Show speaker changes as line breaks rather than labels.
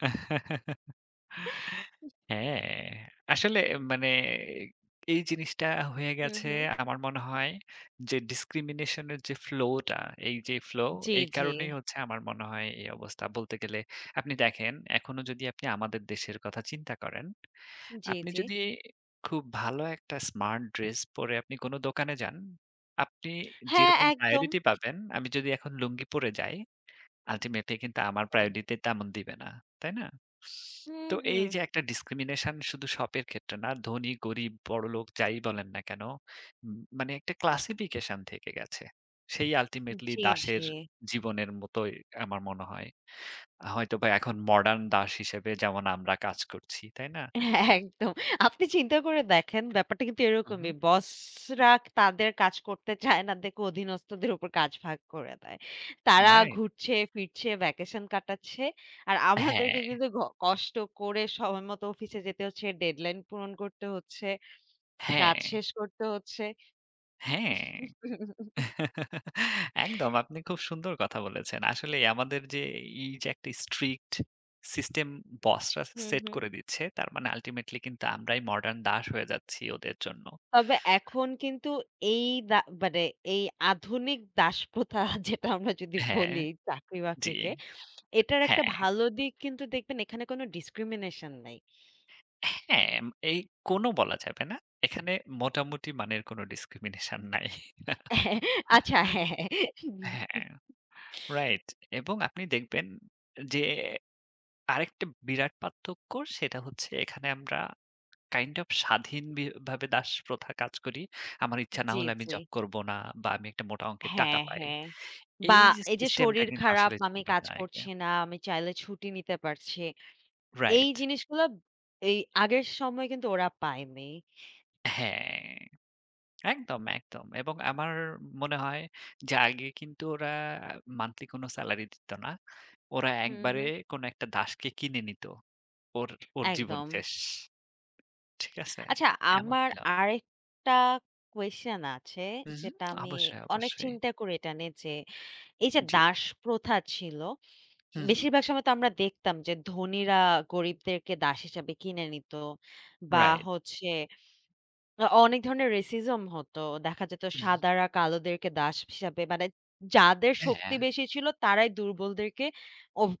হ্যাঁ, আসলে এ মানে এ এই জিনিসটা হয়ে
হু,
গেছে
হু।
আমার মনে হয় যে ডিসক্রিমিনেশনের যে ফ্লোটা, এইযে ফ্লো,
জি,
এই
জি।
কারণেই হচ্ছে আমার মনে হয় এই অবস্থা। বলতে গেলে আপনি দেখেন এখনো যদি আপনি আমাদের দেশের কথা চিন্তা করেন,
উ জি,
আপনি
জি।
যদি খুব ভালো একটা স্মার্ট ড্রেস পরে আপনি কোন দোকানে যান, আপনি
হ্যাঁ,
যেরকম
একদম।
প্রায়োরিটি পাবেন, আমি যদি এখন লুঙ্গি পরে যাই আল্টিমেটলি কিন্তু আমার
দম।
প্রায়োরিটি তেমন দিবে না। তাই না?
হুম,
তো
হুম।
এইযে একটা ডিসক্রিমিনেশন শুধু শপের ক্ষেত্রে না, ধনী, গরিব, বড়লোক যাই বলেন না কেন, উম মানে একটা ক্লাসিফিকেশন থেকে গেছে। সেই আল্টিমেটলি
জি, জি।
দাসের জীবনের মতোই আমার মনে হয়। আ হয়তোবা এখন মডার্ন দাস হিসেবে যেমন আমরা কাজ করছি, তাই না?
এ একদম। আপনি চিন্তা করে দেখেন ব্যাপারটা কিন্তু
হু, হু।
এরকমই। বসরা তাদের কাজ করতে চায় না দেখে অধীনস্থদের উপর কাজ ভাগ করে দেয়। তারা
রাইট।
ঘুরছে ফিরছে, ভ্যাকেশন কাটাচ্ছে। আর আমাদেরকে
হ্যাঁ।
কিন্তু ক কষ্ট করে সময় মতো অফিসে যেতে হচ্ছে। ডেডলাইন পূরণ করতে হচ্ছে। কাজ
হ্যাঁ।
শেষ করতে হচ্ছে।
হ্যাঁ। একদম। আপনি খুব সুন্দর কথা বলেছেন। আসলেই আমাদের যে এ এইযে একটা স্ট্রিক্ট সিস্টেম বসরা সে
হুম,
সেট
হুম।
করে দিচ্ছে। তার মানে আল্টিমেটলি কিন্তু আমরাই মডার্ন দাস হয়ে যাচ্ছি ওদের জন্য।
তবে এখন কিন্তু এই বা মানে এই আধুনিক দাসপ্রথা যেটা, আমরা যদি
হ্যাঁ,
বলি
জি।
চাকরি-বাকরিকে, এটার একটা
হ্যাঁ।
ভালো দিক কিন্তু দেখবেন এখানে কোন ডিসক্রিমিনেশন নাই।
হ্যাঁ, এম এই কোনও বলা যাবে না। এখানে মোটামুটি মানের কোন ডিসক্রিমিনেশন নাই।
হ্যাঁ, আচ্ছা। হ্যাঁ, হ্যাঁ, হু, হু।
হ্যাঁ, রাইট এবং আপনি দেখবেন এ যে আরেকটা বিরাট পার্থক্য, সেটা হচ্ছে এখানে আমরা kind of স্বাধীন বি ভাবে দাসপ্রথা কাজ করি। আমার ইচ্ছা না
জি,
হলে আমি
জি।
জব করবো না বা, আমি একটা মোটা অংকের টাকা
হ্যাঁ,
পাই।
হ্যাঁ। বা
এইযে
এইযে
সিস্টেমটা
শরীর
কিন্তু
খারাপ
আসলে
আমি
ছিল
কাজ
না
করছি
এটা।
না, আমি চাইলে ছুটি নিতে পারছি। এই
রাইট।
জিনিসগুলা এই আগের সময় কিন্তু ওরা পায়নি।
হ্যাঁ। একদম, একদম। এবং আমার মনে হয় যে আগে কিন্তু ওরা আপ মান্থলি কোন স্যালারি দিত না। ওরা
হুম,
একবারে
হুম।
কোন একটা দাসকে কিনে নিত। ওর ওর জীবন
একদম।
শেষ। ঠিক আছে?
আচ্ছা
এমন
আমার
ছিলাম।
আরেকটা কোয়েসশান আছে।
উ উম।
যেটা আমি
অবশ্যই,
অনেক
অবশ্যই।
চিন্তা করি এটা নিয়ে যে, এইযে
জি।
দাস প্রথা ছিল,
হু, হু।
বেশিরভাগ সময় তো আমরা দেখতাম যে ধনীরা গরিবদেরকে দাস হিসাবে কিনে নিত বা,
রাইট।
হচ্ছে অ অনেক ধরনের racism হতো। দেখা যেত
উম।
সাদারা কালোদেরকে দাস ইস হিসাবে মানে যাদের শক্তি
হ্যাঁ।
বেশি ছিল তারাই দুর্বলদেরকে, ওভ